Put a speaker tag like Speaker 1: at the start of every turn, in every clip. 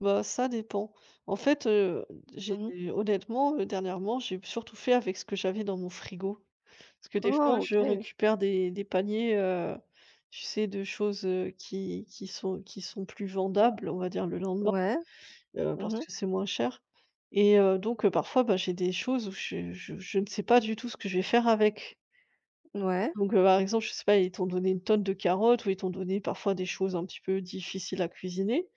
Speaker 1: Bah, ça dépend. En fait, heu, j'ai
Speaker 2: Mmh mh.
Speaker 1: honnêtement, heu, dernièrement, j'ai surtout fait avec ce que j'avais dans mon frigo, parce que des fois
Speaker 2: Oh!
Speaker 1: je
Speaker 2: OK.
Speaker 1: récupère des des paniers, heu, tu sais de choses, heu, qui qui sont qui sont plus vendables, on va dire le lendemain,
Speaker 2: Ouais.
Speaker 1: heu,
Speaker 2: Mmh
Speaker 1: parce
Speaker 2: mh.
Speaker 1: que c'est moins cher et heu, donc parfois, bah, j'ai des choses où je je je ne sais pas du tout ce que je vais faire avec
Speaker 2: N ouais.
Speaker 1: donc heu, par exemple, je sais pas, ils t'ont donné une tonne de carottes ou ils t'ont donné parfois des choses un petit peu difficiles à cuisiner,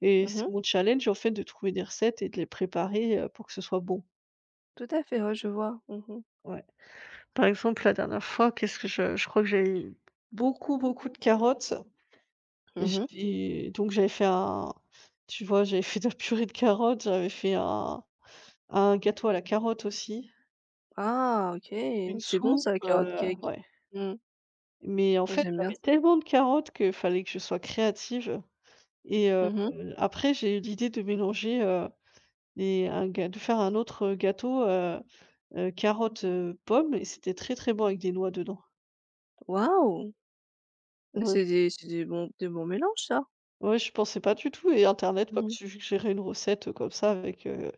Speaker 1: et
Speaker 2: Mmh
Speaker 1: c'est
Speaker 2: mh.
Speaker 1: mon challenge, en fait, de trouver des recettes et de les préparer, heu, pour que ce soit bon.
Speaker 2: Tout à fait, ouais, je vois, mmh mh.
Speaker 1: Ouais, par exemple, la dernière fois, qu'est-ce que je je crois que j'avais beaucoup, beaucoup de carottes.
Speaker 2: Mmh mh.
Speaker 1: J'avais donc, j'avais fait un tu vois, j'avais fait de la purée de carottes, heu, j'avais fait un un gâteau à la carotte aussi.
Speaker 2: Ah! OK,
Speaker 1: Une
Speaker 2: c'est bon
Speaker 1: soupe,
Speaker 2: ça, le carotte
Speaker 1: heu
Speaker 2: cake.
Speaker 1: ouais.
Speaker 2: Mmh mh.
Speaker 1: Mais en
Speaker 2: Moi,
Speaker 1: fait,
Speaker 2: j'aime bien
Speaker 1: j'avais
Speaker 2: ça.
Speaker 1: tellement de carottes que fallait que je sois créative, et heu,
Speaker 2: Mmh mh.
Speaker 1: après j'ai eu l'idée de mélanger, heu, et un ga de faire un autre, heu, gâteau, heu heu, carotte, heu, pomme et c'était très, très bon, avec des noix dedans.
Speaker 2: Waouh! Ah,
Speaker 1: Ouais.
Speaker 2: c'est des c'est des bons des bons mélanges ça.
Speaker 1: Ouais, je pensais pas du tout et internet m'a
Speaker 2: Mmh mh.
Speaker 1: suggéré une recette, heu, comme ça avec, heu,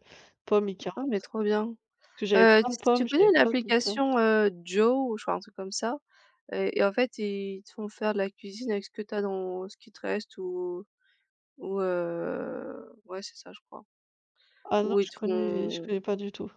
Speaker 1: pommes et
Speaker 2: Ah
Speaker 1: carottes,
Speaker 2: mais trop bien,
Speaker 1: parce j'avais
Speaker 2: heu, ts
Speaker 1: plein de
Speaker 2: tu
Speaker 1: pommes,
Speaker 2: connais
Speaker 1: j'avais plein de carottes.
Speaker 2: l'application, heu, Jow, enfin, un truc comme ça, et et en fait, ils te font faire de la cuisine avec ce que tu as dans ce qui te reste ou ou, heu, ouais, c'est ça je crois
Speaker 1: Ah non,
Speaker 2: ou ils
Speaker 1: je
Speaker 2: te
Speaker 1: connais je
Speaker 2: font
Speaker 1: connais pas du tout.